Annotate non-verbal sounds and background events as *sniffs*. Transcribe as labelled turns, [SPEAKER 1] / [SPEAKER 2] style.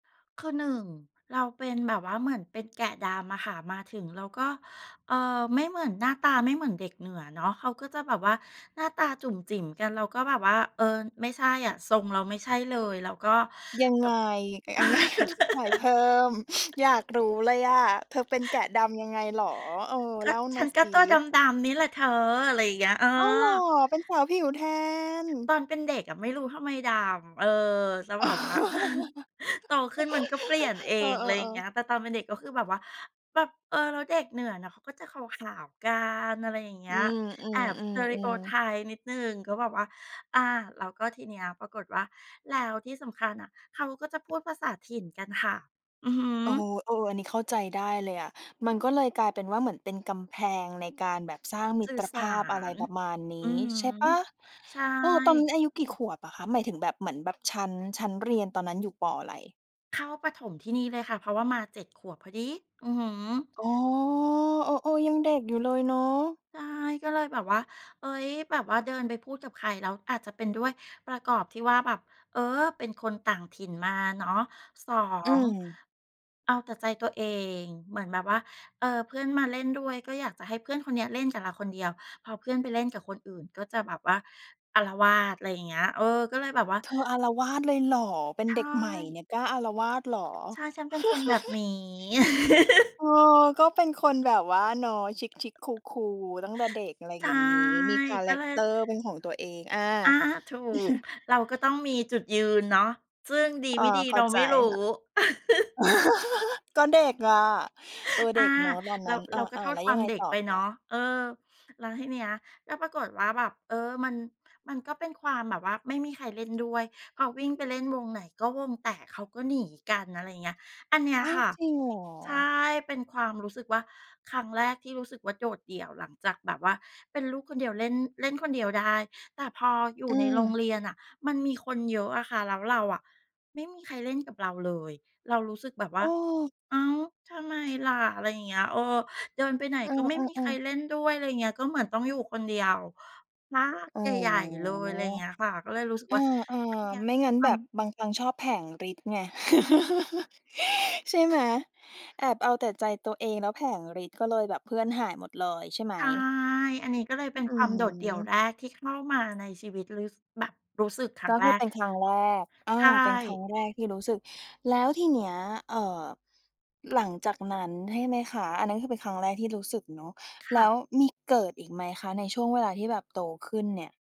[SPEAKER 1] คือหนึ่งเราเป็นแบบว่าเหมือนเป็นแกะดำอะค่ะ มาถึงเราก็ เอ่อ ไม่เหมือน หน้าตาไม่เหมือนเด็กเหนือเนาะ เขาก็จะแบบว่าหน้าตาจุ๋มจิ๋มกัน เราก็แบบว่า เออ ไม่ใช่อะ ทรงเราไม่ใช่เลย แล้วก็
[SPEAKER 2] ยัง
[SPEAKER 1] แบ
[SPEAKER 2] ไ
[SPEAKER 1] บ
[SPEAKER 2] ง ยังไง อธิบายเพ
[SPEAKER 1] *laughs*
[SPEAKER 2] ิ่ม *sniffs* อยากรู้เลยอะ เธอเป็นแกะดำยังไงเหรอ? เออ
[SPEAKER 1] ก
[SPEAKER 2] เ
[SPEAKER 1] ็
[SPEAKER 2] ล่า
[SPEAKER 1] ฉ
[SPEAKER 2] ม
[SPEAKER 1] ั
[SPEAKER 2] า
[SPEAKER 1] นก
[SPEAKER 2] ซ
[SPEAKER 1] ็ตัวด
[SPEAKER 2] ิ
[SPEAKER 1] ำ ๆ นี่แหละเธอ อะไรเงี้ย เออ
[SPEAKER 2] อ้าวเหรอ! เป็นสาวผิวแทน
[SPEAKER 1] ตอนเป็นเด็กอะไม่รู้ทำไมดำ เออ แล้วแบบว่า *chuckles* โตขึ้นมันก็เปลี่ยน
[SPEAKER 2] *laughs*
[SPEAKER 1] เอ
[SPEAKER 2] เอ
[SPEAKER 1] ง อะไรอย่าง
[SPEAKER 2] อ
[SPEAKER 1] เงี้
[SPEAKER 2] ๆ ๆ
[SPEAKER 1] ย แต่ตอนเป็นเด็ก ก็คือแบบว่า แบบ เออ แล้วเด็กเหนือเขาก็จะขาว ๆ กัน อะไรอย่างเงี
[SPEAKER 2] อ
[SPEAKER 1] ้
[SPEAKER 2] ื
[SPEAKER 1] ย
[SPEAKER 2] อ
[SPEAKER 1] แอบ สเตริโอไ
[SPEAKER 2] ๆ
[SPEAKER 1] ท
[SPEAKER 2] ๆ ๆ
[SPEAKER 1] ป์ นิดหนึ่งก็แบบว่า อ่า แล้วก็ทีนี้ปรากฏว่า แล้วที่สำคัญน่ะเขาก็จะพูดภาษาถิ่นกันค่ะ อือฮ
[SPEAKER 2] โอ้โ
[SPEAKER 1] ึ
[SPEAKER 2] ฮ เออ อันนี้เข้าใจได้เลยอะ มันก็เลยกลายเป็นว่าเหมือนเป็นกำแพงในการแบบสร้างมิ
[SPEAKER 1] สื่
[SPEAKER 2] ต
[SPEAKER 1] อ
[SPEAKER 2] ร
[SPEAKER 1] ส
[SPEAKER 2] ภ
[SPEAKER 1] า
[SPEAKER 2] าพ อะไร
[SPEAKER 1] ร
[SPEAKER 2] ประมาณน
[SPEAKER 1] อื
[SPEAKER 2] ี้
[SPEAKER 1] อฮึ
[SPEAKER 2] ใช่เปล่า?
[SPEAKER 1] ใช่
[SPEAKER 2] เออ ตอนนั้นอายุกี่ขวบอะคะ หมายถึงแบบ เหมือนแบบชั้น ชั้นเรียนตอนนั้นอยู่ ป. อะไร?
[SPEAKER 1] เข้าประถมที่นี่เลยค่ะ เพราะว่ามา 7 พอดี อือฮึ
[SPEAKER 2] อ๋อ เออ ๆ ยังเด็กอยู่เลยเนาะ
[SPEAKER 1] ใช่ก็เลยแบบว่า เอ๊ย แบบว่าเดินไปพูดกับใครแล้วอาจจะเป็นด้วยประกอบที่ว่า แบบ เออ เป็นคนต่างถิ่นมาเนาะ สอ
[SPEAKER 2] อื
[SPEAKER 1] ง
[SPEAKER 2] ม
[SPEAKER 1] เอาแต่ใจตัวเองเหมือนแบบว่า เออเพื่อนมาเล่นด้วยก็อยากจะให้เพื่อนคนเนี้ยเล่นกับเราคนเดียว พอเพื่อนไปเล่นกับคนอื่นก็จะแบบว่าอาละวาด ไรอย่างเงี้ย เออ ก็เลยแบบว่า
[SPEAKER 2] เธออาละวาดเลยเหรอ เป็
[SPEAKER 1] ใ
[SPEAKER 2] น
[SPEAKER 1] ช
[SPEAKER 2] เด็กใหม่เ
[SPEAKER 1] ่
[SPEAKER 2] นี่ยกล้าอาละวาดเหรอ?
[SPEAKER 1] ใช่ ฉันเป็นคนแบบนี้
[SPEAKER 2] *chuckles*
[SPEAKER 1] *laughs*
[SPEAKER 2] เออ ก็เป็นคนแบบว่าเนาะ ชิค ๆ cool cool ตั้งแต่เด็ก อะไร
[SPEAKER 1] ใช
[SPEAKER 2] อย
[SPEAKER 1] ่
[SPEAKER 2] ่างงี้ มีคา
[SPEAKER 1] ก
[SPEAKER 2] แร
[SPEAKER 1] ็เ
[SPEAKER 2] ก
[SPEAKER 1] ล
[SPEAKER 2] เต
[SPEAKER 1] ย
[SPEAKER 2] อร์เป็นของตัวเอง อา
[SPEAKER 1] อ้า ถูก
[SPEAKER 2] *chuckles*
[SPEAKER 1] เราก็ต้องมีจุดยืนเนาะ ซึ่งดี
[SPEAKER 2] อ๋อ
[SPEAKER 1] ไม่ดี
[SPEAKER 2] เข
[SPEAKER 1] เ
[SPEAKER 2] ้
[SPEAKER 1] ร
[SPEAKER 2] า
[SPEAKER 1] า
[SPEAKER 2] ใ
[SPEAKER 1] ไ
[SPEAKER 2] จ
[SPEAKER 1] ม่รู้
[SPEAKER 2] ค่ะ
[SPEAKER 1] *laughs*
[SPEAKER 2] *laughs* ก็เด็กอะ เออ เ
[SPEAKER 1] อ
[SPEAKER 2] ด
[SPEAKER 1] ่
[SPEAKER 2] ็
[SPEAKER 1] า
[SPEAKER 2] กเนาะตอน
[SPEAKER 1] เ
[SPEAKER 2] น
[SPEAKER 1] ร
[SPEAKER 2] ั
[SPEAKER 1] า
[SPEAKER 2] ้น อ
[SPEAKER 1] เราก็
[SPEAKER 2] า
[SPEAKER 1] โท
[SPEAKER 2] ๆ แ
[SPEAKER 1] ษ
[SPEAKER 2] ล้ว
[SPEAKER 1] คว
[SPEAKER 2] ยั
[SPEAKER 1] า
[SPEAKER 2] ง
[SPEAKER 1] ม
[SPEAKER 2] ไง
[SPEAKER 1] เด็
[SPEAKER 2] ต
[SPEAKER 1] ก
[SPEAKER 2] ่อ
[SPEAKER 1] ไป
[SPEAKER 2] ค
[SPEAKER 1] เน
[SPEAKER 2] ะ?
[SPEAKER 1] าะ เออ แล้วทีเนี้ยก็ปรากฏว่าแบบ เออ มัน มันก็เป็นความแบบว่าไม่มีใครเล่นด้วย พอวิ่งไปเล่นวงไหน ก็วงแตกเขาก็หนีกัน อะไรอย่างเงี้ย อันเนี้ย
[SPEAKER 2] อ้าว
[SPEAKER 1] ค่ะ
[SPEAKER 2] จริงเหรอ?
[SPEAKER 1] ใช่ เป็นความรู้สึกว่าครั้งแรก ที่รู้สึกว่าโดดเดี่ยวหลังจากแบบว่าเป็นลูกคนเดียวเล่น เล่นคนเดียวได้ แต่พออยู
[SPEAKER 2] อ
[SPEAKER 1] ่
[SPEAKER 2] ื
[SPEAKER 1] ในโรง
[SPEAKER 2] ม
[SPEAKER 1] เรียนน่ะ มันมีคนเยอะอะค่ะ แล้วเราอะ ไม่มีใครเล่นกับเราเลย เรารู้สึกแบบว
[SPEAKER 2] เ
[SPEAKER 1] ่า
[SPEAKER 2] ออ
[SPEAKER 1] อ้าว ทำไมล่ะ อะไรอย่างเงี้ย เออ เดินไปไหน
[SPEAKER 2] เอ
[SPEAKER 1] ก็ไม่มี
[SPEAKER 2] อ
[SPEAKER 1] ใคร
[SPEAKER 2] ๆ ๆ
[SPEAKER 1] เล่นด้วย ไรเงี้ย ก็เหมือนต้องอยู่คนเดียว พัก
[SPEAKER 2] อ๋อ
[SPEAKER 1] ใหญ่ ๆ เลย ไรเงี้ยค่ะ ก็เลยรู้สึก
[SPEAKER 2] เอ
[SPEAKER 1] ว่า
[SPEAKER 2] อ
[SPEAKER 1] อันเนี้ย
[SPEAKER 2] ๆ ไม่งั้น
[SPEAKER 1] ท
[SPEAKER 2] แบบ
[SPEAKER 1] ำ
[SPEAKER 2] บางครั้งชอบแผลงฤทธิ์ไง *laughs* ใช่ไหม แอบเอาแต่ใจตัวเองแล้วแผลงฤทธิ์ ก็เลยแบบเพื่อนหายหมดเลยใช่ไหม?
[SPEAKER 1] ใช่ อันนี้ก็เลยเป็น
[SPEAKER 2] อื
[SPEAKER 1] ความโดดเดี่ยว
[SPEAKER 2] ม
[SPEAKER 1] แรกที่เข้ามาในชีวิตลืซ แบบรู้สึกครั้
[SPEAKER 2] ก
[SPEAKER 1] ง
[SPEAKER 2] ็
[SPEAKER 1] แ
[SPEAKER 2] ค
[SPEAKER 1] ร
[SPEAKER 2] ือเ
[SPEAKER 1] ก
[SPEAKER 2] ป็นครั้งแรก อ่า
[SPEAKER 1] ใช่
[SPEAKER 2] เป็นครั้งแรกที่รู้สึก แล้วทีเนี้ย เอ่อ หลังจากนั้นใช่ไหมคะ อันนั้นคือ เป็นครั้งแรกที่รู้สึกเนาะ
[SPEAKER 1] ค
[SPEAKER 2] แล
[SPEAKER 1] ่
[SPEAKER 2] ้ว
[SPEAKER 1] ะ
[SPEAKER 2] มีเกิดอีกไหมคะในช่วงเวลาที่แบบโตขึ้นเนี่ย?